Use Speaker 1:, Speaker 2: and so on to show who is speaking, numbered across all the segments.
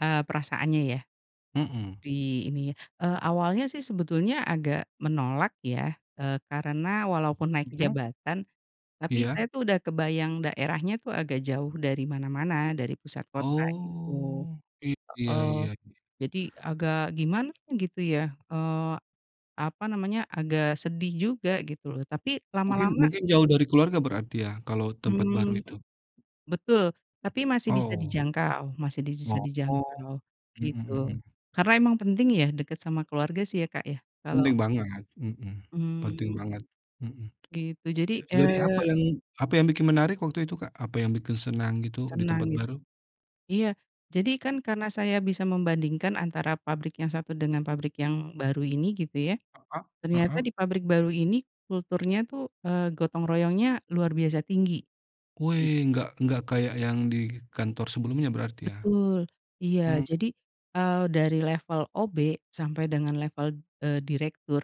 Speaker 1: Eee, perasaannya ya.
Speaker 2: Mhm.
Speaker 1: Di ini ya, eee, awalnya sih sebetulnya agak menolak ya, eee, karena walaupun naik
Speaker 2: Mhm.
Speaker 1: jabatan tapi
Speaker 2: Iya.
Speaker 1: saya tuh udah kebayang daerahnya tuh agak jauh dari mana-mana, dari pusat kota gitu
Speaker 2: Oh iya
Speaker 1: heeh.
Speaker 2: iya iya.
Speaker 1: Jadi agak gimana gitu ya, eee, apa namanya, agak sedih juga gitu loh tapi
Speaker 2: Mungkin
Speaker 1: lama-lama
Speaker 2: mungkin jauh dari keluarga berarti ya kalau tempat baru
Speaker 1: Mmm,
Speaker 2: itu.
Speaker 1: betul tapi masih bisa
Speaker 2: Oh.
Speaker 1: dijangkau, masih di bisa
Speaker 2: Oh.
Speaker 1: dijangkau gitu
Speaker 2: Mhm mhm.
Speaker 1: karena emang penting ya dekat sama keluarga sih ya, Kak, ya. Kalau
Speaker 2: Penting banget, mhm. Penting
Speaker 1: Mmm.
Speaker 2: banget, mhm.
Speaker 1: Gitu jadi,
Speaker 2: J jadi apa
Speaker 1: eee
Speaker 2: yang apa yang bikin menarik waktu itu, Kak? Apa yang bikin senang gitu di
Speaker 1: Senang
Speaker 2: tempat
Speaker 1: ya.
Speaker 2: baru?
Speaker 1: Iya jadi kan karena saya bisa membandingkan antara pabrik yang satu dengan pabrik yang baru ini gitu ya,
Speaker 2: Heeh
Speaker 1: ternyata
Speaker 2: heeh.
Speaker 1: di pabrik baru ini kulturnya tuh, eee, gotong royongnya luar biasa tinggi.
Speaker 2: Wee enggak enggak kayak yang di kantor sebelumnya berarti ya.
Speaker 1: Betul iya
Speaker 2: Mhm.
Speaker 1: jadi, eee, dari level OB sampai dengan level, eee, direktur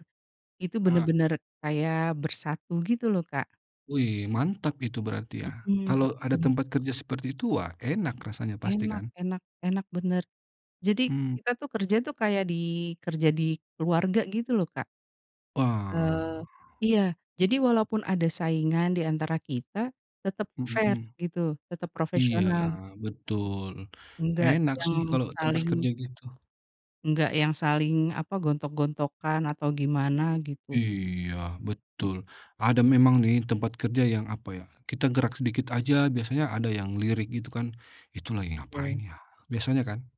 Speaker 1: itu
Speaker 2: Ah.
Speaker 1: benar-benar kayak bersatu gitu loh, Kak.
Speaker 2: Wih, mantap itu berarti ya.
Speaker 1: Mhm.
Speaker 2: Kalau ada
Speaker 1: Ben
Speaker 2: tempat kerja seperti itu wah enak rasanya
Speaker 1: Enak
Speaker 2: pastikan.
Speaker 1: enak enak, benar. Jadi
Speaker 2: Mmm.
Speaker 1: kita tuh kerja tuh kayak di kerja di keluarga gitu loh, Kak.
Speaker 2: Wah.
Speaker 1: Eee, iya jadi walaupun ada saingan di antara kita tetep
Speaker 2: Mhm
Speaker 1: fair
Speaker 2: mhm.
Speaker 1: gitu, tetep
Speaker 2: Iya
Speaker 1: profesional.
Speaker 2: betul,
Speaker 1: Enggak
Speaker 2: enak
Speaker 1: yang
Speaker 2: sih kalau tempat kerja
Speaker 1: saling
Speaker 2: gitu.
Speaker 1: enggak yang saling apa gontok-gontokan atau gimana gitu.
Speaker 2: Iya
Speaker 1: E
Speaker 2: betul. Ada memang nih tempat kerja yang apa ya, kita gerak sedikit aja biasanya ada yang lirik gitu kan, "Itu lagi ngapain
Speaker 1: Betul.
Speaker 2: ya?" biasanya kan.